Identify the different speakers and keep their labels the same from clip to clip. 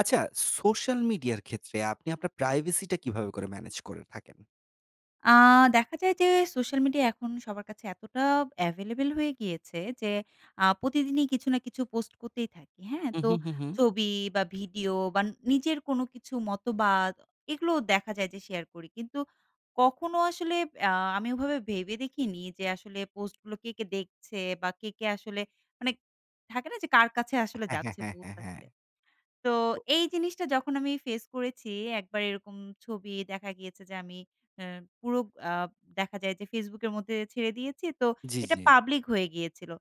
Speaker 1: আচ্ছা, সোশ্যাল মিডিয়ার ক্ষেত্রে আপনি আপনার প্রাইভেসিটা কীভাবে করে ম্যানেজ করে থাকেন?
Speaker 2: আ দেখা যায় যে, সোশ্যাল মিডিয়া এখন সবার কাছে এতটা এভেলেবেল হয়ে গিয়েছে যে, আ প্রতিদিনই কিছু না কিছু পোস্ট করতেই থাকি, হ্যাঁ?
Speaker 1: হু,
Speaker 2: তো
Speaker 1: হু, হু, হু।
Speaker 2: ছবি বা, ভিডিও বা নিজের কোনো কিছু মতবাদ, এগুলোও দেখা যায় যে শেয়ার করি। কিন্তু কখনো আসলে আ আমি ওভাবে ভেবে দেখিনি যে, আসলে পোস্টগুলো কে, কে দেখছে? বা, কে, কে আসলে মানে থাকে না? যে, কার কাছে আসলে
Speaker 1: হ্যাঁ, হ্যাঁ,
Speaker 2: যাচ্ছে?
Speaker 1: হ্যাঁ, হ্যাঁ,
Speaker 2: পৌঁছাচ্ছে?
Speaker 1: হ্যাঁ।
Speaker 2: তো,
Speaker 1: ও
Speaker 2: এই জিনিসটা যখন আমি ফেস করেছি, একবার এরকম ছবি দেখা গিয়েছে যে, আমি এ পুরো আ দেখা যায় যে Facebook এর মধ্যে ছেড়ে দিয়েছি, তো
Speaker 1: জ্বি,
Speaker 2: এটা
Speaker 1: জ্বি।
Speaker 2: পাবলিক হয়ে গিয়েছিল।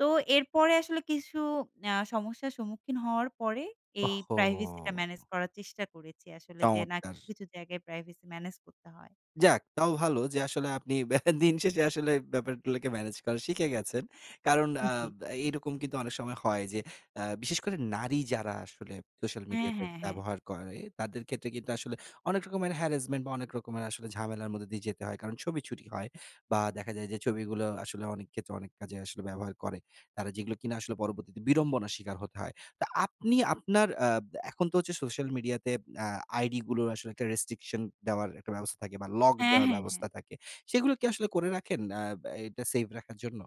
Speaker 2: তো এরপরে আসলে কিছু অ্যা সমস্যা সম্মুখীন হওয়ার পরে এই প্রাইভেসিটা
Speaker 1: ওহহো!
Speaker 2: ম্যানেজ করার চেষ্টা করেছি। আসলে যে, না
Speaker 1: চমৎকার!
Speaker 2: কিছু, কিছু জায়গায় প্রাইভেসি ম্যানেজ করতে হয়।
Speaker 1: যাক, তাও ভালো যে আসলে আপনি ব্যা দিন শেষে আসলে ব্যাপারগুলোকে ম্যানেজ করা শিখে গেছেন। কারণ অ্যা
Speaker 2: জি।
Speaker 1: ব্যা এরকম কিন্তু অনেক সময় হয় যে অ্যা বিশেষ করে নারী যারা আসলে সোশ্যাল
Speaker 2: হ্যাঁ,
Speaker 1: মিডিয়াতে
Speaker 2: হ্যাঁ, হ্যাঁ।
Speaker 1: ব্যবহার করে, তাদের ক্ষেত্রে কিন্তু আসলে অনেক রকমের harrasment বা, অনেক রকমের ঝামেলার মধ্যে দিয়ে যেতে হয়। কারণ ছবি চুরি হয়। বা, দেখা যায় যে ছবিগুলো আসলে অনেকক্ষেত্রে অনেক কাজে আসলে ব্যবহার করে। তারা যেগুলো কিনা আসলে পরবর্তীতে বিড়ম্বনা স্বীকার হতে হয়। তো আপনি আপনার অ্যাব এখন তো হচ্ছে সোশ্যাল মিডিয়াতে অ্যা আইডিগুলো্র আসলে একটা restriction দেওয়ার একটা ব্যবস্থা থাকে বা, lock
Speaker 2: হ্যাঁ,
Speaker 1: দেওয়ার
Speaker 2: হ্যাঁ, হ্যাঁ।
Speaker 1: ব্যবস্থা থাকে। সেগুলো কি আসলে করে রাখেন অ্যা ব্যা এটা সেফ রাখার জন্য?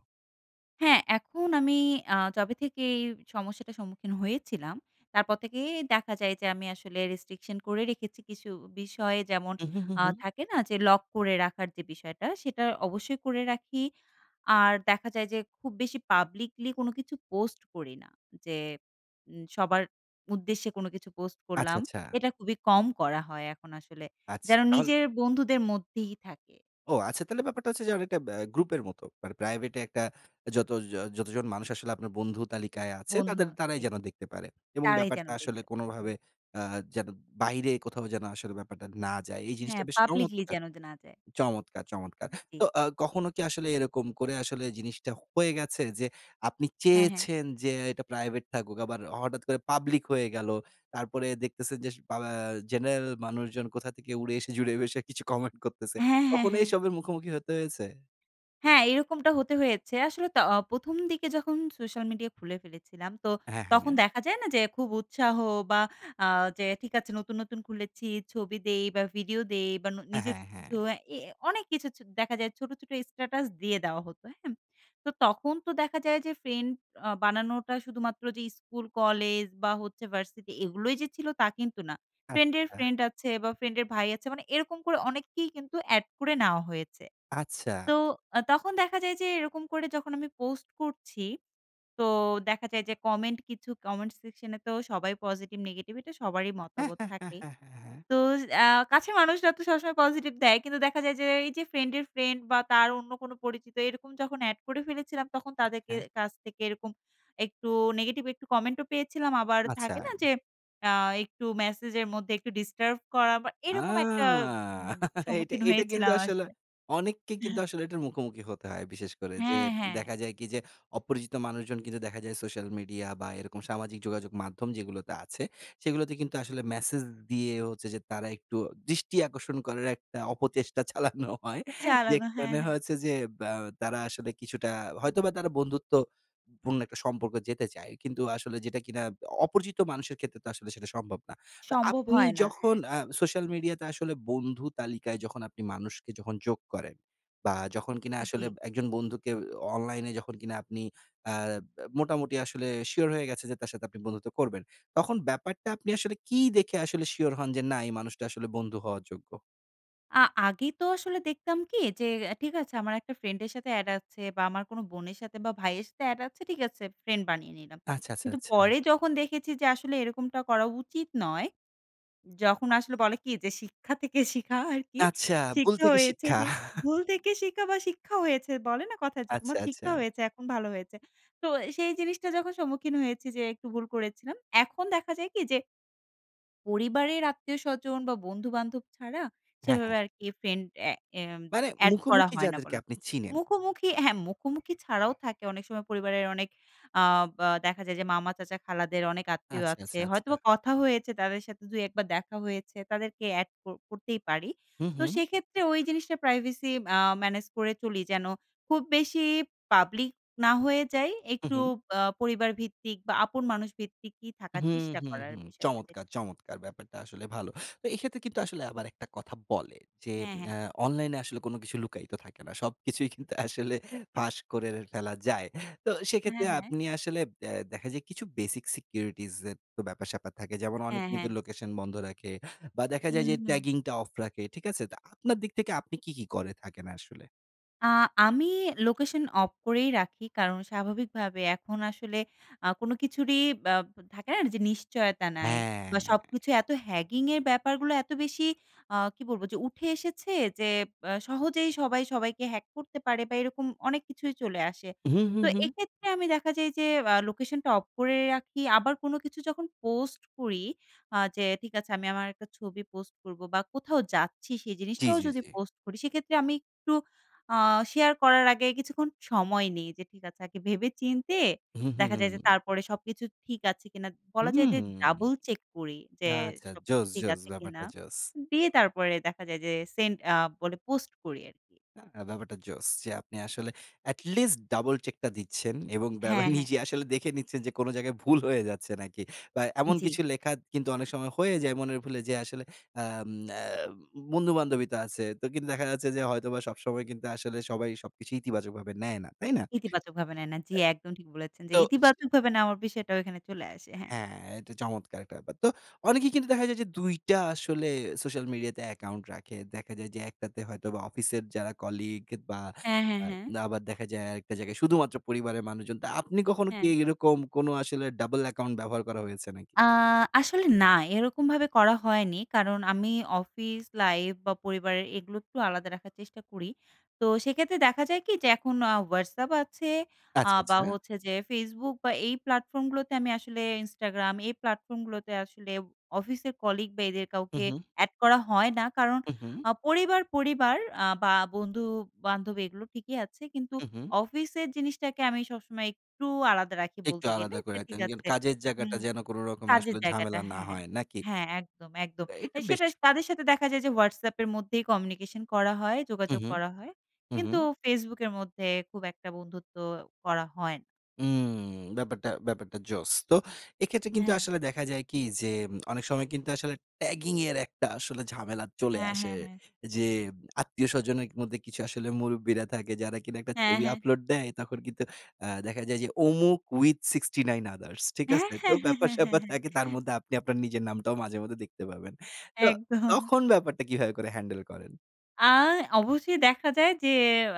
Speaker 2: হ্যাঁ। এখন আমি আ যবে থেকে এই সমস্যাটা সম্মুখীন হয়েছিলাম। তারপর থেকেই দেখা যায় যে আমি আসলে রেস্ট্রিকশন করে রেখেছি। কিছু বিষয় যেমন
Speaker 1: উহু, হু,
Speaker 2: আ
Speaker 1: হু।
Speaker 2: থাকে না? যে লক করে রাখার যে বিষয়টা। সেটা অবশ্যই করে রাখি। আর দেখা যায় যে খুব বেশি পাবলিকলি কোন কিছু পোস্ট করি না। যে উম সবার উদ্দেশ্যে কোন কিছু পোস্ট
Speaker 1: আচ্ছা,
Speaker 2: করলাম।
Speaker 1: আচ্ছা।
Speaker 2: এটা খুবই কম করা হয় এখন আসলে।
Speaker 1: আছ
Speaker 2: যেন
Speaker 1: তাহল
Speaker 2: নিজের বন্ধুদের মধ্যেই থাকে।
Speaker 1: ও আচ্ছা। তাহলে ব্যাপারটা হচ্ছে যে অনেকটা ব্য গ্রুপের মতো। মানে প্রাইভেটে একটা যত য যতজন মানুষ আসলে আপনার বন্ধু তালিকায় আছে
Speaker 2: বন্ধু
Speaker 1: তাদের
Speaker 2: আর
Speaker 1: তারাই
Speaker 2: কি।
Speaker 1: যেন দেখতে পারে। এবং
Speaker 2: তারাই যেন
Speaker 1: ব্যাপারটা আসলে
Speaker 2: দেখতে
Speaker 1: কোন
Speaker 2: পায়।
Speaker 1: ভাবে
Speaker 2: হ্যাঁ।
Speaker 1: আ যেন বাইরে কোথাও যেন আসলে ব্যাপারটা না যায়। এই জিনিসটা
Speaker 2: হ্যাঁ।
Speaker 1: বেশ
Speaker 2: পাবলিকলি
Speaker 1: চমৎকার!
Speaker 2: যেন দে না যায়।
Speaker 1: চমৎকার, চমৎকার!
Speaker 2: জ্বী।
Speaker 1: তো আ কখনো কি আসলে এরকম করে আসলে জিনিসটা হয়ে গেছে যে আপনি
Speaker 2: হ্যাঁ, হ্যাঁ।
Speaker 1: চেয়েছেন যে এটা প্রাইভেট থাকুক। আবার হঠাৎ করে পাবলিক হয়ে গেল। তারপরে দেখতেছেন যে পা ব্যা জেনারেল মানুষজন কোথা থেকে উড়ে এসে জুড়ে বসে কিছু কমেন্ট করতেছে?
Speaker 2: হ্যাঁ, হ্যাঁ,
Speaker 1: কখনো
Speaker 2: হ্যাঁ।
Speaker 1: এইসবের মুখোমুখি হতে হয়েছে?
Speaker 2: হ্যাঁ। এরকমটা হতে হয়েছে। আসলে ত ১ম দিকে যখন সোশ্যাল মিডিয়া খুলে ফেলেছিলাম। তো
Speaker 1: হ্যাঁ, হ্যাঁ
Speaker 2: তখন
Speaker 1: নে
Speaker 2: দেখা যায় না যে, খুব উৎসাহ বা আ যে ঠিক আছে নতুন, নতুন খুলেছি, ছবি দেই বা ভিডিও দেই বা ন
Speaker 1: অ্যা
Speaker 2: নিজের
Speaker 1: হ্যাঁ,
Speaker 2: কিছু
Speaker 1: হ্যাঁ।
Speaker 2: এ এ অনেক কিছু চ দেখা যায়। ছোট, ছোট স্ট্যাটাস দিয়ে দেওয়া হতো। অ্যা হ্যাম তো তখন তো দেখা যায় যে ফ্রেন্ড আ বানানোটা শুধুমাত্র যে স্কুল, কলেজ বা হচ্ছে ভার্সিটি এগুলোই যে ছিল তা কিন্তু না। ফ্রেন্ড এর
Speaker 1: আচ্ছা।
Speaker 2: ফ্রেন্ড আছে বা ফ্রেন্ড এর ভাই আছে। মানে এরকম করে অনেককেই কিন্তু এড করে নেওয়া হয়েছে।
Speaker 1: আচ্ছা।
Speaker 2: তো আ তখন দেখা যায় যে এরকম করে যখন আমি পোস্ট করছি, তো দেখা যায় যে কমেন্ট কিছু কমেন্ট সেকশন এ তো সবাই পজিটিভ নেগেটিভ এটা সবারই
Speaker 1: হ্যাঁ,
Speaker 2: মতাবত
Speaker 1: হ্যাঁ, হ্যাঁ,
Speaker 2: থাকে।
Speaker 1: হ্যাঁ, হ্যাঁ, হ্যাঁ।
Speaker 2: তো আ কাছের মানুষরা তো সবসময় পজিটিভ দেয়। কিন্তু দেখা যায় যে, এই যে ফ্রেন্ড এর ফ্রেন্ড বা তার অন্য কোন পরিচিত এরকম যখন এড করে ফেলেছিলাম। তখন তাদের কে
Speaker 1: হ্যাঁ।
Speaker 2: কাছ থেকে এরকম একটু নেগেটিভ একটু কমেন্ট ও পেয়েছিলাম। আবার থাকে না?
Speaker 1: আচ্ছা।
Speaker 2: যে আ একটু মেসেজ এর মধ্যে একটু ডিস্টার্ব করা বা
Speaker 1: আ
Speaker 2: এরকম একটা উম
Speaker 1: এইটা
Speaker 2: সম্মুখীন
Speaker 1: এইটা কিন্তু
Speaker 2: হয়েছিলাম
Speaker 1: আসলে
Speaker 2: আসলে।
Speaker 1: অনেককে কিন্তু আসলে এটার মুখোমুখি হতে হয়। বিশেষ করে যে
Speaker 2: হ্যাঁ, হ্যাঁ।
Speaker 1: দেখা যায় কি যে, অপরিচিত মানুষজন কিন্তু দেখা যায় সোশ্যাল মিডিয়া বা এরকম সামাজিক যোগাযোগ মাধ্যম যেগুলোতে আছে, সেগুলোতে কিন্তু আসলে মেসেজ দিয়ে হচ্ছে যে তারা একটু দৃষ্টি আকর্ষণ করার একটা অপচেষ্টা চালানো হয়।
Speaker 2: চালানো। হ্যাঁ,
Speaker 1: যেখানে
Speaker 2: হ্যাঁ।
Speaker 1: হয়েছে যে ব্য তারা আসলে কিছুটা হয়তোবা তারা বন্ধুত্ব পূর্ণ একটা সম্পর্ক যেতে চায়। কিন্তু আসলে যেটা কিনা অপরিচিত মানুষের ক্ষেত্রে তো আসলে সেটা সম্ভব না। তো
Speaker 2: সম্ভব
Speaker 1: আপনি
Speaker 2: হয় না, হ্যাঁ।
Speaker 1: যখন আ সোশ্যাল মিডিয়া তে আসলে বন্ধু তালিকায় যখন আপনি মানুষকে যখন যোগ করেন। বা যখন কিনা আসলে
Speaker 2: জি।
Speaker 1: একজন বন্ধুকে অনলাইনে যখন কিনা আপনি অ্যা ব্যা মোটামুটি আসলে শিওর হয়ে গেছে যে তার সাথে আপনি বন্ধুত্ব করবেন, তখন ব্যাপারটা আপনি আসলে কি দেখে আসলে শিওর হন যে না এই মানুষটা আসলে বন্ধু হওয়ার যোগ্য?
Speaker 2: আ আগে তো আসলে দেখতাম কি? যে এ ঠিক আছে আমার একটা ফ্রেন্ডের সাথে এড আছে বা, আমার কোনো বোনের সাথে বা, ভাইয়ের সাথে এড আছে, ঠিক আছে, ফ্রেন্ড বানিয়ে নিলাম।
Speaker 1: আচ্ছা, আচ্ছা,
Speaker 2: কিন্তু পরে
Speaker 1: আচ্ছা।
Speaker 2: যখন দেখেছি যে আসলে এরকমটা করা উচিত নয় যখন আসলে বলে কি যে শিক্ষা থেকে শিখা আরকি।
Speaker 1: আচ্ছা, ভুল
Speaker 2: শিক্ষা
Speaker 1: থেকে
Speaker 2: হয়েছে
Speaker 1: শিক্ষা।
Speaker 2: যে ভুল থেকে শিখা বা, শিক্ষা হয়েছে বলে না কথা যে,
Speaker 1: আচ্ছা,
Speaker 2: তোমার শিক্ষা
Speaker 1: আচ্ছা।
Speaker 2: হয়েছে, এখন ভালো হয়েছে। তো সেই জিনিসটা যখন সম্মুখীন হয়েছি যে, একটু ভুল করেছিলাম। এখন দেখা যায় কি? যে পরিবারের আত্মীয়স্বজন বা, বন্ধু-বান্ধব ছাড়া
Speaker 1: হ্যাঁ,
Speaker 2: সেভাবে
Speaker 1: হ্যাঁ।
Speaker 2: আরকি ফ্রেন্ড এ এম
Speaker 1: মানে
Speaker 2: এড করা
Speaker 1: মুখোমুখি
Speaker 2: হয় না
Speaker 1: যাদেরকে
Speaker 2: বলা
Speaker 1: আপনি চিনেন।
Speaker 2: মুখোমুখি হ্যাঁ, মুখোমুখি ছাড়াও থাকে অনেক সময় পরিবারের অনেক আব আ দেখা যায় যে, মামা, চাচা, খালাদের অনেক আত্মীয়
Speaker 1: আচ্ছা,
Speaker 2: আছে।
Speaker 1: আচ্ছা, আচ্ছা।
Speaker 2: হয়তোবা কথা হয়েছে, তাদের সাথে ২, ১ বার দেখা হয়েছে, তাদেরকে এড ক করতেই পারি।
Speaker 1: হুম,
Speaker 2: তো
Speaker 1: হুম।
Speaker 2: সেক্ষেত্রে ঐ জিনিসটা প্রাইভেসি আ ম্যানেজ করে চলি, যেন খুব বেশি পাবলিক না হয়ে যাই।
Speaker 1: উ
Speaker 2: একটু
Speaker 1: হুম।
Speaker 2: আ পরিবারভিত্তিক বা আপন মানুষ ভিত্তিকই থাকার
Speaker 1: হুম,
Speaker 2: চেষ্টা
Speaker 1: হুম,
Speaker 2: করার
Speaker 1: হুম,
Speaker 2: বিষয়টা যে
Speaker 1: চমৎকার, চমৎকার। ব্যাপারটা আসলে ভালো। তো এক্ষেত্রে কিন্তু আসলে আবার একটা কথা বলে যে,
Speaker 2: হ্যাঁ, হ্যাঁ।
Speaker 1: আ অনলাইনে আসলে কোন কিছু লুকায়িত থাকে না। সবকিছুই কিন্তু আসলে ফাঁস করে ফেলা যায়। তো সেক্ষেত্রে
Speaker 2: হ্যাঁ, হ্যাঁ।
Speaker 1: আপনি আসলে ব্যা দেখা যায় কিছু basic securities এর তো ব্যাপার স্যাপার থাকে। যেমন
Speaker 2: হ্যাঁ,
Speaker 1: অনেকে
Speaker 2: হ্যাঁ।
Speaker 1: কিন্তু লোকেশন বন্ধ রাখে বা, দেখা যায়
Speaker 2: হুম,
Speaker 1: যে
Speaker 2: হুম।
Speaker 1: tagging টা অফ রাখে। ঠিক আছে? তো আপনার দিক থেকে আপনি কি, কি করে থাকেন আসলে?
Speaker 2: আ আমি লোকেশন অফ করেই রাখি। কারণ স্বাভাবিকভাবে এখন আসলে আ কোনো কিছুরই বা, থাকে না? যে, নিশ্চয়তা নাই।
Speaker 1: হ্যাঁ।
Speaker 2: বা, সবকিছু এত hacking এর হ্যাগিঙ্গের ব্যাপারগুলো এত বেশি আ কি বলবো? যে উঠে এসেছে যে আ সহজেই সবাই সবাইকে hack করতে পারে বা, এরকম অনেক কিছুই চলে আসে।
Speaker 1: হু, হু,
Speaker 2: তো
Speaker 1: হু।
Speaker 2: এক্ষেত্রে আমি দেখা যায় যে আ লোকেশনটা অফ করে রাখি। আবার কোনো কিছু যখন পোস্ট করি, আ যে, ঠিক আছে, আমি আমার একটা ছবি পোস্ট করবো বা, কোথাও যাচ্ছি সেই
Speaker 1: জ্বী,
Speaker 2: জিনিসটাও
Speaker 1: জ্বী,
Speaker 2: যদি
Speaker 1: জ্বী।
Speaker 2: পোস্ট করি, সেক্ষেত্রে আমি একটু আ শেয়ার করার আগে কিছুক্ষণ সময় নেই। যে ঠিক আছে, আগে ভেবে চিন্তে
Speaker 1: হু, হু,
Speaker 2: দেখা যায় যে
Speaker 1: হু।
Speaker 2: তারপরে সবকিছু ঠিক আছে কিনা বলা যায় যে,
Speaker 1: হুম।
Speaker 2: double check করি যে,
Speaker 1: আচ্ছা।
Speaker 2: সবকিছু
Speaker 1: জোশ,
Speaker 2: ঠিক
Speaker 1: জোশ,
Speaker 2: আছে কিনা?
Speaker 1: ব্যাপারটা জোশ।
Speaker 2: দিয়ে তারপরে দেখা যায় যে সেন্ড আ বলে পোস্ট করি আরকি।
Speaker 1: আ ব্যাপারটা জোশ। যে আপনি আসলে এটলিস্ট double check টা দিচ্ছেন এবং বেবে
Speaker 2: হ্যাঁ, হ্যাঁ।
Speaker 1: নিজে আসলে দেখে নিচ্ছেন যে কোন জায়গায় ভুল হয়ে যাচ্ছে নাকি বা, এমন
Speaker 2: জ্বী।
Speaker 1: কিছু লেখা কিন্তু অনেক সময় হয়ে যায় মনের ভুলে যে আসলে আম আ বন্ধু-বান্ধবই তো আছে। তো কিন্তু দেখা যাচ্ছে যে হয়তোবা সবসময় কিন্তু আসলে সবাই সবকিছু ইতিবাচকভাবে নেয় না। তাই না?
Speaker 2: ইতিবাচক ভাবে নেয় না। জ্বী, একদম ঠিক বলেছেন যে,
Speaker 1: তো। সে
Speaker 2: ইতিবাচকভাবে নেওয়ার বিষয়টাও এখানে চলে আসে। হ্যাঁ।
Speaker 1: হ্যাঁ, এটা চমৎকার একটা ব্যাপার। তো অনেকেই কিন্তু দেখা যায় যে ২ টা আসলে সোশ্যাল মিডিয়াতে অ্যাকাউন্ট রাখে। দেখা যায় যে একটাতে হয়তোবা অফিসের যারা কলিগ বা,
Speaker 2: হ্যাঁ, হ্যাঁ,
Speaker 1: আ
Speaker 2: হ্যাঁ।
Speaker 1: আবার দেখা যায় আরেকটা জায়গায় শুধুমাত্র পরিবারের মানুষজন। তা আপনি কখনো
Speaker 2: হ্যাঁ।
Speaker 1: কি এরকম কোনো আসলে double account ব্যবহার করা হয়েছে নাকি?
Speaker 2: আ আসলে না, এরকমভাবে করা হয়নি। কারণ আমি অফিস লাইফ বা, পরিবারের এগুলো একটু আলাদা রাখার চেষ্টা করি। তো সেক্ষেত্রে দেখা যায় কি? যে এখন আ Whatsapp আছে, আ
Speaker 1: আচ্ছা,
Speaker 2: বা,
Speaker 1: আচ্ছা।
Speaker 2: হচ্ছে যে Facebook বা, এই প্ল্যাটফর্মগুলোতে আমি আসলে Instagram এই প্ল্যাটফর্মগুলোতে আসলে অফিসের কলিগ বা, এদের
Speaker 1: হু,
Speaker 2: কাউকে
Speaker 1: হু।
Speaker 2: এড করা হয় না। কারণ
Speaker 1: হু, হু।
Speaker 2: আ পরিবার, পরিবার আ বা, বন্ধু-বান্ধব এগুলো ঠিকই আছে। কিন্তু
Speaker 1: হু, হু।
Speaker 2: অফিসের জিনিসটাকে আমি সবসময় একটু আলাদা রাখি
Speaker 1: একটু
Speaker 2: বলতে গেলে।
Speaker 1: আলাদা
Speaker 2: যে
Speaker 1: করে
Speaker 2: ঠিক
Speaker 1: রাখতেন। যেন
Speaker 2: আছে।
Speaker 1: কাজের জায়গাটা
Speaker 2: হুম।
Speaker 1: যেন কোন রকম
Speaker 2: কাজের
Speaker 1: আসলে
Speaker 2: জায়গাটা
Speaker 1: ঝামেলা না
Speaker 2: হ্যাঁ,
Speaker 1: হয়, নাকি?
Speaker 2: হ্যাঁ। একদম, একদম।
Speaker 1: আ
Speaker 2: এ
Speaker 1: এইটা
Speaker 2: সেটা
Speaker 1: বেস্ট।
Speaker 2: তাদের সাথে দেখা যায় যে Whatsapp এর মধ্যেই কমিউনিকেশন করা হয়,
Speaker 1: হু,
Speaker 2: যোগাযোগ
Speaker 1: হু।
Speaker 2: করা হয়।
Speaker 1: হু,
Speaker 2: কিন্তু
Speaker 1: হু।
Speaker 2: Facebook এর মধ্যে খুব একটা বন্ধুত্ব করা হয় না।
Speaker 1: উম ব্যাপারটা ব্যাপারটা জোশ। তো এক্ষেত্রে
Speaker 2: এ
Speaker 1: কিন্তু
Speaker 2: হ্যাঁ।
Speaker 1: আসলে দেখা যায় কি, যে অনেক সময় কিন্তু আসলে ট্যাগিংয়ের একটা আসলে ঝামেলা চলে
Speaker 2: হ্যাঁ,
Speaker 1: আসে।
Speaker 2: হ্যাঁ, হ্যাঁ।
Speaker 1: যে আত্মীয়স্বজনের মধ্যে কিছু আসলে মুরুব্বিরা থাকে, যারা কিনা একটা
Speaker 2: হ্যাঁ,
Speaker 1: ছবি
Speaker 2: হ্যাঁ।
Speaker 1: আপলোড দেয়। তখন কিন্তু অ্যা দেখা যায় যে অমুক with 69 others, ঠিক
Speaker 2: হ্যাঁ,
Speaker 1: আছে? তো
Speaker 2: হ্যাঁ, হ্যাঁ,
Speaker 1: ব্যাপার
Speaker 2: হ্যাঁ,
Speaker 1: স্যাপার
Speaker 2: হ্যাঁ।
Speaker 1: থাকে, তার মধ্যে আপনি আপনার নিজের নামটাও মাঝেমধ্যে দেখতে পাবেন। তো
Speaker 2: একদম।
Speaker 1: তখন ব্যাপারটা কীভাবে করে হ্যান্ডেল করেন?
Speaker 2: আ অবশ্যই দেখা যায় যে,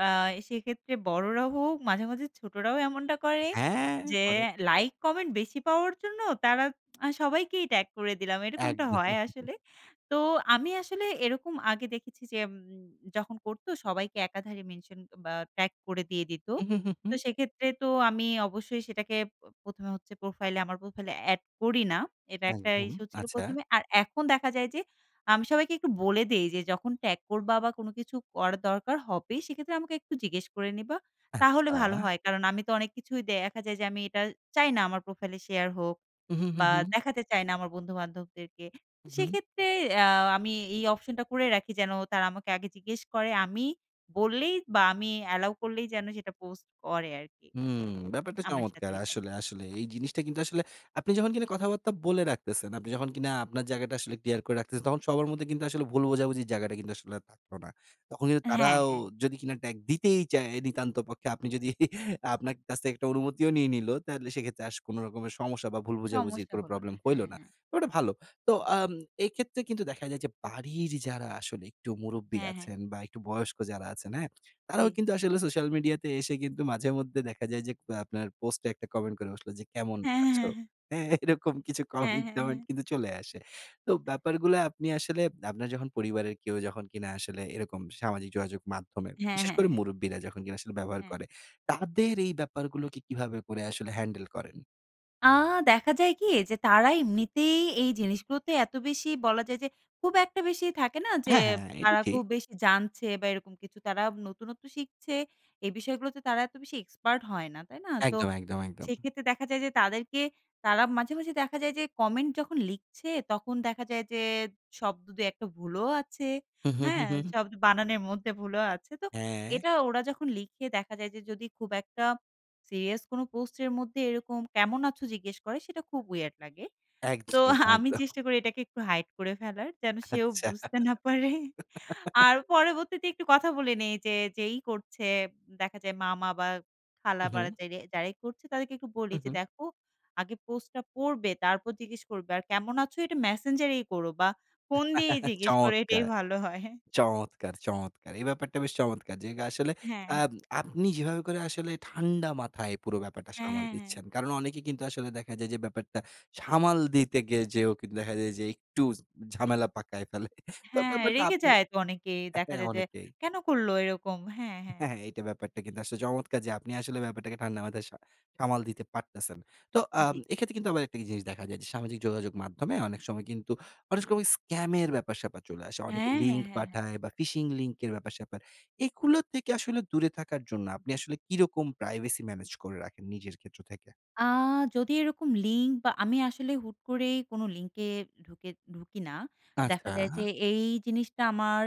Speaker 2: আ সেক্ষেত্রে বড়রা হোক, মাঝে, মাঝে ছোটরাও এমনটা করে।
Speaker 1: হ্যাঁ,
Speaker 2: যে
Speaker 1: করে।
Speaker 2: লাইক কমেন্ট বেশি পাওয়ার জন্য তারা, "সবাইকেই ট্যাগ করে দিলাম।" এরকমটা হয়
Speaker 1: একদম।
Speaker 2: আসলে। তো আমি আসলে এরকম আগে দেখেছি যে, উম যখন করতো সবাইকে একাধারে মেনশন এ বা, ট্যাগ করে দিয়ে দিতো।
Speaker 1: হু, হু, হু,
Speaker 2: তো
Speaker 1: হু।
Speaker 2: সেক্ষেত্রে তো আমি অবশ্যই সেটাকে প ১ম এ হচ্ছে প্রোফাইল আমার প্রোফাইল এড করি না। এটা একটা
Speaker 1: একদম,
Speaker 2: ইস্যু ছিল
Speaker 1: আচ্ছা।
Speaker 2: ১ম এ। আর এখন দেখা যায় যে আমি সবাইকে একটু বলে দেই যে, "যখন ট্যাগ করবা বা, কোন কিছু করার দরকার হবে, সেক্ষেত্রে আমাকে একটু জিজ্ঞেস করে নিবা।" তাহলে ভালো
Speaker 1: আচ্ছা।
Speaker 2: হয়। কারণ, আমি তো অনেক কিছুই দেখা যায় যে, আমি এটা চাই না আমার প্রোফাইলে শেয়ার হোক,
Speaker 1: হু, হু, হু,
Speaker 2: বা
Speaker 1: হু।
Speaker 2: দেখাতে চাই না আমার বন্ধু-বান্ধবদেরকে।
Speaker 1: হু, হুম।
Speaker 2: সেক্ষেত্রে অ্যা আমি এই অপশনটা করে রাখি যেন তারা আমাকে আগে জিজ্ঞেস করে। আমি বললেই বা, আমি allow করলেই যেন সেটা পোস্ট করে আরকি
Speaker 1: উম ব্যাপারটা
Speaker 2: আমার সাথে,
Speaker 1: চমৎকার।
Speaker 2: এটাই।
Speaker 1: আসলে, আসলে। এই জিনিসটা কিন্তু আসলে আপনি যখন কিনা কথাবার্তা বলে রাখতেছেন, আপনি যখন কিনা আপনার জায়গাটা আসলে ক্লিয়ার করে রাখতেছেন। তখন সবার মধ্যে কিন্তু আসলে ভুল বোঝাবুঝি জায়গাটা কিন্তু আসলে আর থাকলো না। তখন কিন্তু
Speaker 2: হ্যাঁ,
Speaker 1: তারাও
Speaker 2: হ্যাঁ।
Speaker 1: যদি কিনা ট্যাগ দিতেই চায়, নিতান্ত পক্ষে আপনি যদি আপনার কাছে একটা অনুমতি নিয়ে নিলো। তাহলে সেক্ষেত্রে আস কোনো রকমের সমস্যা বা, ভুল বোঝাবুঝির
Speaker 2: সমস্যা
Speaker 1: কোনো
Speaker 2: হল না।
Speaker 1: প্রবলেম
Speaker 2: হ্যাঁ,
Speaker 1: হইলো না।
Speaker 2: হ্যাঁ।
Speaker 1: ওটা ভালো। তো অ্যাম এক্ষেত্রে কিন্তু দেখা যায় যে বাড়ির যারা আসলে একটু মুরুব্বি
Speaker 2: হ্যাঁ, হ্যাঁ।
Speaker 1: আছেন, বা একটু বয়স্ক যারা আছেন। হ্যাঁ? তারাও
Speaker 2: জি।
Speaker 1: কিন্তু আসলে সোশ্যাল মিডিয়াতে এসে কিন্তু মাঝেমধ্যে দেখা যায় যে, কো আপনার পোস্টে একটা কমেন্ট করে বসলো যে, "কেমন
Speaker 2: হ্যাঁ,
Speaker 1: আছো?"
Speaker 2: হ্যাঁ, হ্যাঁ।
Speaker 1: হ্যাঁ? এরকম কিছু
Speaker 2: হ্যাঁ, হ্যাঁ,
Speaker 1: কমেন্ট-টমেন্ট
Speaker 2: হ্যাঁ।
Speaker 1: কিন্তু চলে আসে। তো ব্যাপারগুলো আপনি আসলে আপনার যখন পরিবারের কেউ যখন কিনা আসলে এরকম সামাজিক যোগাযোগ মাধ্যমে
Speaker 2: হ্যাঁ,
Speaker 1: বিশেষ
Speaker 2: হ্যাঁ,
Speaker 1: করে
Speaker 2: হ্যাঁ।
Speaker 1: মুরুব্বিরা যখন কিনা আসলে ব্যবহার
Speaker 2: হ্যাঁ।
Speaker 1: করে, তাদের এই ব্যাপারগুলোকে কিভাবে করে আসলে হ্যান্ডেল করেন?
Speaker 2: আ দেখা যায় কি যে তারা এমনিতেই এই জিনিস গুলোতে এত বেশি বলা যায় যে খুব একটা বেশি থাকে না? যে
Speaker 1: হ্যাঁ, হ্যাঁ। এটা
Speaker 2: তারা
Speaker 1: ঠিক।
Speaker 2: খুব বেশি জানছে বা এরকম কিছু তারা নতুনত্ব শিখছে এই বিষয়গুলাতে তারা এত বেশি এক্সপার্ট হয় না। তাই না? তো
Speaker 1: একদম, একদম, একদম।
Speaker 2: সেক্ষেত্রে দেখা যায় যে তাদেরকে তারা মাঝে, মাঝে দেখা যায় যে কমেন্ট যখন লিখছে তখন দেখা যায় যে শব্দ ২-১ টা ভুলও আছে।
Speaker 1: হু, হু, হু,
Speaker 2: হ্যাঁ?
Speaker 1: হু।
Speaker 2: শব্দ বানানের মধ্যে ভুলও আছে। তো
Speaker 1: হ্যাঁ।
Speaker 2: এটা ওরা যখন লিখে দেখা যায় যে যদি খুব একটা সিরিয়াস কোন পোস্ট এর মধ্যে, এরকম কেমন আছো? জিজ্ঞেস করে সেটা খুব weird লাগে।
Speaker 1: একদম,
Speaker 2: তো আমি
Speaker 1: একদম।
Speaker 2: চেষ্টা করি এটাকে একটু হাইড করে ফেলার যেন সেও
Speaker 1: আচ্ছা।
Speaker 2: বুঝতে না পারে। আর পরবর্তীতে একটু কথা বলে নেই যে যেই করছে দেখা যায় মামা বা খালা বা
Speaker 1: উহুম।
Speaker 2: যেরেই যারাই করছে তাদেরকে একটু বলি, যে
Speaker 1: উহু।
Speaker 2: দেখো আগে পোস্টটা পড়বে, তারপর জিজ্ঞেস করবে। আর কেমন আছো? এটা মেসেঞ্জার এই করো বা ফোন দিয়েই জিজ্ঞেস করো এটাই
Speaker 1: চমৎকার!
Speaker 2: ভালো হয়।
Speaker 1: চমৎকার, চমৎকার! এই ব্যাপারটা বেশ চমৎকার! যে গা আসলে
Speaker 2: হ্যাঁ, হ্যাঁ।
Speaker 1: আম আপনি যেভাবে করে আসলে ঠান্ডা মাথায় পুরো ব্যাপারটা
Speaker 2: অ্যা
Speaker 1: সামাল
Speaker 2: হ্যাঁ, হ্যাঁ
Speaker 1: দিচ্ছেন। কারণ অনেকে কিন্তু আসলে দেখা যায় যে ব্যাপারটা সামাল দিতে গিয়ে যেয়েও কিন্তু দেখা যায় যে, একটু জ ঝামেলা পাকায় ফেলে। তো
Speaker 2: হ্যাঁ
Speaker 1: ব্যাপারটা
Speaker 2: রেগে
Speaker 1: আপনি
Speaker 2: যায় তো অনেকে।
Speaker 1: অ্যা
Speaker 2: দেখা
Speaker 1: হ্যাঁ
Speaker 2: যায় যে
Speaker 1: অনেকেই।
Speaker 2: কেন করলো এরকম? হ্যাঁ, হ্যাঁ।
Speaker 1: হ্যাঁ, হ্যাঁ। এইটা ব্যাপারটা কিন্তু আসলে চমৎকার যে আপনি আসলে ব্যাপারটাকে ঠান্ডা মাথায় সা সামাল দিতে পারতেছেন। তো আম
Speaker 2: জ্বী।
Speaker 1: এক্ষেত্রে কিন্তু আবার একটা কি জিনিস দেখা যায় যে সামাজিক যোগাযোগ মাধ্যমে অনেক সময় কিন্তু অনেক ক ওই সময় স্কামের ব্যাপার স্যাপার চলে আসে। অনেকে
Speaker 2: হ্যাঁ, হ্যাঁ,
Speaker 1: লিঙ্ক
Speaker 2: হ্যাঁ, হ্যাঁ।
Speaker 1: পাঠায় বা ফিশিং লিঙ্ক এর ব্যাপার-স্যাপার। এগুলো থেকে আসলে দূরে থাকার জন্য আপনি আসলে কিরকম প্রাইভেসি ম্যানেজ করে রাখেন নিজের ক্ষেত্র থেকে?
Speaker 2: আ যদি এরকম লিঙ্ক বা আমি আসলে হুট করেই কোনো লিঙ্কে ঢুকে ঢুকি না। দেখা যায় যে,
Speaker 1: আচ্ছা।
Speaker 2: এই জিনিসটা আমার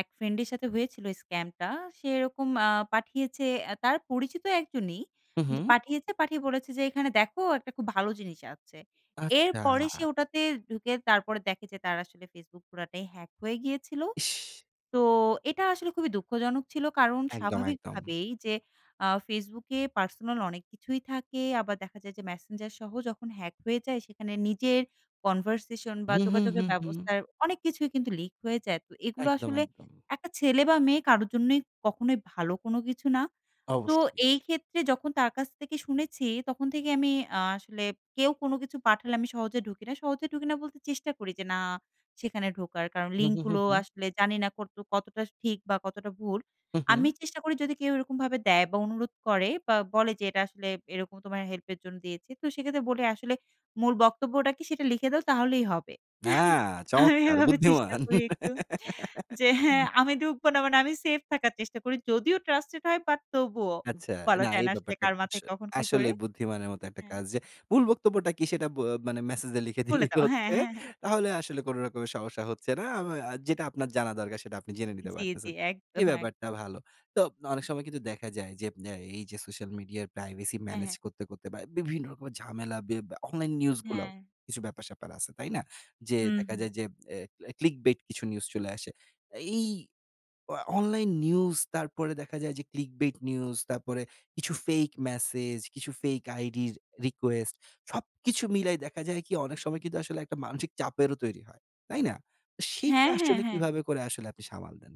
Speaker 2: এক ফ্রেন্ড এর সাথে হয়েছিল স্কামটা সে এরকম আ পাঠিয়েছে অ্যা তার পরিচিত একজনই,
Speaker 1: হু,
Speaker 2: যে
Speaker 1: হু।
Speaker 2: পাঠিয়েছে, পাঠিয়ে বলেছে যে এখানে দেখো একটা খুব ভালো জিনিস আছে।
Speaker 1: আচ্ছা।
Speaker 2: এরপরে সে ওটাতে ঢুকে তারপরে দেখে যে তার আসলে ফেসবুক পুরাটাই হ্যাক হয়ে গিয়েছিল।
Speaker 1: ইশ!
Speaker 2: তো এটা আসলে খুবই দুঃখজনক ছিল। কারণ
Speaker 1: একদম,
Speaker 2: স্বাভাবিক
Speaker 1: একদম।
Speaker 2: ভাবেই যে আ ফেসবুকে পার্সোনাল অনেক কিছুই থাকে। আবার দেখা যায় যে মেসেঞ্জার সহ যখন হ্যাক হয়ে যায় সেখানে নিজের কনভারসেশন বা
Speaker 1: হু, হু, হু,
Speaker 2: যোগাযোগের
Speaker 1: হু।
Speaker 2: ব্যবস্থার অনেক কিছুই কিন্তু লিক হয়ে যায়। তো এগুলো
Speaker 1: একদম,
Speaker 2: আসলে
Speaker 1: একদম।
Speaker 2: একটা ছেলে বা মেয়ে কারো জন্যই কখনোই ভালো কোনো কিছু না। তো
Speaker 1: অবশ্যই।
Speaker 2: এই ক্ষেত্রে যখন তার কাছ থেকে শুনেছি তখন থেকে আমি আ আসলে কেউ কোন কিছু পাঠালে আমি সহজে ঢুকি না। সহজে ঢুকি না বলতে চেষ্টা করি যে না সেখানে ঢোকার। কারণ
Speaker 1: হু,
Speaker 2: লিঙ্ক
Speaker 1: হু, হু,
Speaker 2: গুলো
Speaker 1: হু।
Speaker 2: আসলে জানি না কতটুকু কতটা ঠিক বা কতটা ভুল।
Speaker 1: হু,
Speaker 2: আমি
Speaker 1: হু।
Speaker 2: চেষ্টা করি যদি কেউ এরকমভাবে দেয় বা অনুরোধ করে বা বলে যে এটা আসলে এরকম তোমার হেল্পের জন্য দিয়েছি। তো সেক্ষেত্রে বলে আসলে মূল বক্তব্যটা কি সেটা লিখে দাও তাহলেই হবে।
Speaker 1: অ্যা
Speaker 2: আমি
Speaker 1: চমৎকার!
Speaker 2: এভাবে চেষ্টা
Speaker 1: বুদ্ধিমান।
Speaker 2: করি একটু যে
Speaker 1: অ্যা
Speaker 2: হ্যাঁ, আমি ঢুকবো না মানে আমি সেফ থাকার চেষ্টা করি। যদিও ট্রাস্টেড হয় বাট তবুও
Speaker 1: আচ্ছা,
Speaker 2: বলা
Speaker 1: না
Speaker 2: যায়
Speaker 1: এই
Speaker 2: না আসলে
Speaker 1: ব্যাপারটা
Speaker 2: কার মাথায়
Speaker 1: [unintelligible]
Speaker 2: কখন কি ঘোরে।
Speaker 1: আসলেই বুদ্ধিমানের মতো একটা
Speaker 2: হ্যাঁ।
Speaker 1: কাজ যে মুল বক্তব্যটা কি সেটা ব মানে মেসেজ লিখে
Speaker 2: বলে
Speaker 1: দিলেই তো
Speaker 2: দাও। হ্যাঁ,
Speaker 1: হচ্ছে।
Speaker 2: হ্যাঁ, হ্যাঁ।
Speaker 1: তাহলে আসলে কোন রকমের সমস্যা হচ্ছে না। আ আ যেটা আপনার জানা দরকার সেটা আপনি জেনে নিতে
Speaker 2: জ্বি, জ্বি,
Speaker 1: পারতেছেন।
Speaker 2: একদম
Speaker 1: এই
Speaker 2: এক
Speaker 1: ব্যাপারটা ভালো। তো অনেক সময় কিন্তু দেখা যায়, যে এই যে সোশ্যাল মিডিয়ার প্রাইভেসি
Speaker 2: হ্যাঁ,
Speaker 1: ম্যানেজ
Speaker 2: হ্যাঁ।
Speaker 1: করতে, করতে বা বিভিন্ন রকমের ঝামেলা ব্যা অনলাইন নিউজগুলাও
Speaker 2: হ্যাঁ।
Speaker 1: কিছু ব্যাপার-স্যাপার আছে, তাই না? যেয়ে দেখা
Speaker 2: উহু।
Speaker 1: যায় যে অ্যা, অ্যা ক্লিক বেট কিছু নিউজ চলে আসে। এই অ অনলাইন নিউজ, তারপরে দেখা যায় যে ক্লিক বেট নিউজ, তারপরে কিছু ফেক মেসেজ, কিছু ফেক আইডির রিকোয়েস্ট সবকিছু মিলাই দেখা যায় কি অনেক সময় কিন্তু আসলে একটা মানসিক চাপেরও তৈরি হয়। তাই না? সেইটা
Speaker 2: হ্যাঁ, হ্যাঁ,
Speaker 1: আসলে
Speaker 2: হ্যাঁ।
Speaker 1: কিভাবে করে আসলে আপনি সামাল দেন?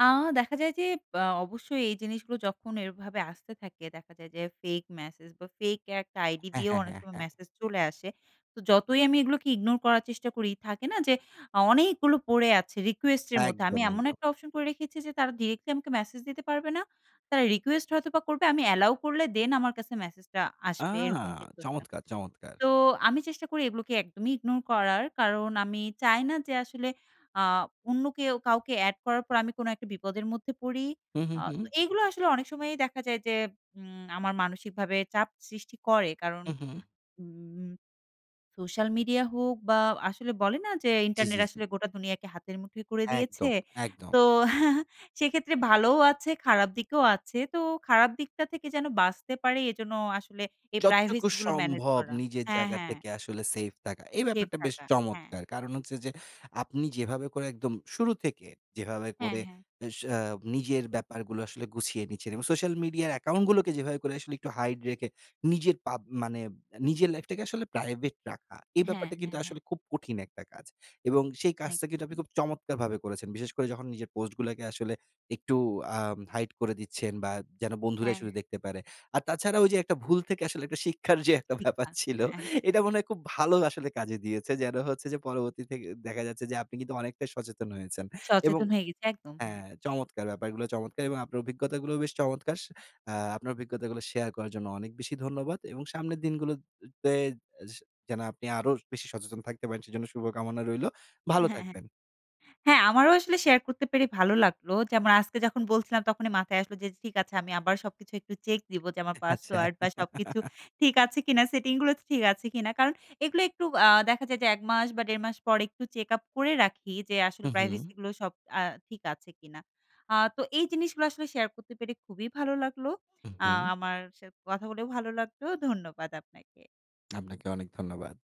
Speaker 2: আ দেখা যায় যে, পা অবশ্যই এই জিনিসগুলো যখন এভাবে আসতে থাকে দেখা যায় যে, fake message বা, ফেক একটা আইডি
Speaker 1: হ্যাঁ,
Speaker 2: দিয়েও
Speaker 1: হ্যাঁ,
Speaker 2: অনেক
Speaker 1: হ্যাঁ,
Speaker 2: সময়
Speaker 1: হ্যাঁ।
Speaker 2: মেসেজ চলে আসে। তো যতই আমি এগুলোকে ইগনোর করার চেষ্টা করি, থাকে না? যে অ অনেকগুলো পড়ে আছে রিকোয়েস্টের মধ্যে আমি
Speaker 1: একদম,
Speaker 2: এমন
Speaker 1: একদম।
Speaker 2: একটা অপশন করে রেখেছি যে তারা ডিরেক্টলি আমাকে মেসেজ দিতে পারবে না। তারা রিকোয়েস্ট হয়তোবা করবে, আমি allow করলে দ্যান আমার কাছে মেসেজটা
Speaker 1: আ
Speaker 2: আসবে, এরকম কিছু একটা।
Speaker 1: চমৎকার, চমৎকার!
Speaker 2: তো আমি চেষ্টা করি এগুলোকে একদমই ইগনোর করার। কারণ আমি চাই না যে আসলে আ অন্য কেউ কাউকে এড করার পর আমি কোন একটা বিপদের মধ্যে পড়ি।
Speaker 1: হুম,
Speaker 2: আ
Speaker 1: হুম, হুম, হুম।
Speaker 2: এগুলো আসলে অনেক সময়ই দেখা যায় যে উম আমার মানসিকভাবে চাপ সৃষ্টি করে। কারণ,
Speaker 1: হু, হু, হু।
Speaker 2: উম সোশ্যাল মিডিয়া হোক বা, আসলে বলে না? যে
Speaker 1: জ্বি,
Speaker 2: ইন্টারনেট
Speaker 1: জ্বি, জ্বি।
Speaker 2: আসলে গোটা দুনিয়াকে হাতের মুঠোয় করে দিয়েছে।
Speaker 1: একদম, একদম।
Speaker 2: তো সেক্ষেত্রে ভালোও আছে, খারাপ দিকেও আছে। তো খারাপ দিকটা থেকে যেন বাঁচতে পারি, এজন্য আসলে এই
Speaker 1: যতটুকু
Speaker 2: প্রাইভেসিগুলো ম্যানেজ
Speaker 1: সম্ভব
Speaker 2: করা।
Speaker 1: নিজের
Speaker 2: হ্যাঁ,
Speaker 1: জায়গা
Speaker 2: হ্যাঁ।
Speaker 1: থেকে আসলে সেফ থাকা, এই
Speaker 2: সেফ
Speaker 1: ব্যাপারটা বেশ
Speaker 2: থাকা। হ্যাঁ।
Speaker 1: চমৎকার। কারণ হচ্ছে যে, আপনি যেভাবে করে, একদম শুরু থেকে যেভাবে
Speaker 2: হ্যাঁ,
Speaker 1: করে
Speaker 2: হ্যাঁ।
Speaker 1: এ স উম নিজের ব্যাপারগুলো আসলে গুছিয়ে নিচ্ছেন। এবং সোশ্যাল মিডিয়া অ্যাকাউন্টগুলোকে যেভাবে করে আসলে একটু hide রেখে নিজের পাব মানে নিজের লাইফটাকে আসলে প্রাইভেট রাখা, এই
Speaker 2: হ্যাঁ,
Speaker 1: ব্যাপারটা কিন্তু
Speaker 2: হ্যাঁ, হ্যাঁ।
Speaker 1: আসলে খুব কঠিন একটা কাজ। এবং সেই
Speaker 2: অনেক
Speaker 1: কাজটা কিন্তু আপনি
Speaker 2: কঠিন।
Speaker 1: খুব চমৎকারভাবে করেছেন। বিশেষ করে যখন নিজের পোস্টগুলাকে আসলে একটু আ hide করে দিচ্ছেন বা, যেন বন্ধুরাই
Speaker 2: হ্যাঁ,
Speaker 1: শুধু
Speaker 2: হ্যাঁ।
Speaker 1: দেখতে পারে। আর তাছাড়া ওইযে একটা ভুল থেকে আসলে শিক্ষার যে একটা ব্যাপার
Speaker 2: ঠিকঠাক।
Speaker 1: ছিল,
Speaker 2: হ্যাঁ, হ্যাঁ, হ্যাঁ।
Speaker 1: এটা মনে হয় খুব ভালো আসলে কাজে দিয়েছে। যেন হচ্ছে যে পরবর্তী থে দেখা যাচ্ছে যে আপনি কিন্তু অনেকটাই সচেতন হয়েছেন। এবং
Speaker 2: সচেতন হয়ে গেছে। একদম। হ্যাঁ।
Speaker 1: হ্যাঁ, চমৎকার! ব্যাপারগুলো চমৎকার! এবং আপনার অভিজ্ঞতাগুলোও বেশ চমৎকার। সে এ্যা আপনার অভিজ্ঞতাগুলো শেয়ার করার জন্য অনেক বেশি ধন্যবাদ এবং সামনের দিনগুলোতে এস যেন আপনি আরো বেশি সচেতন থাকতে পারেন, সেজন্য শুভকামনা রইলো। ভালো
Speaker 2: হ্যাঁ, হ্যাঁ।
Speaker 1: থাকবেন।
Speaker 2: হ্যাঁ, আমারও আসলে শেয়ার করতে পেরে ভালো লাগলো। যেমন আজকে যখন বলছিলাম, তখনই মাথায় আসলো যে, "ঠিক আছে, আমি আবার সবকিছু একটু চেক দিব যে আমার
Speaker 1: আচ্ছা।
Speaker 2: পাসওয়ার্ড বা, সবকিছু ঠিক আছে কিনা? সেটিংগুলো ঠিক আছে কিনা?" কারণ এগুলো একটু আ দেখা যায় যে ১ মাস বা, ১ ১/২ মাস পর একটু চেক আপ করে রাখি যে, আসলে
Speaker 1: হু, হু।
Speaker 2: প্রাইভেসিগুলো অ্যা সব ঠিক আছে কিনা? অ্যা তো এই জিনিসগুলো আসলে শেয়ার করতে পেরে খুবই ভালো লাগলো।
Speaker 1: হু,
Speaker 2: আ
Speaker 1: হু।
Speaker 2: আমার সা কথা বলেও ভালো লাগলো। ধন্যবাদ আপনাকে।
Speaker 1: আপনাকে অনেক ধন্যবাদ।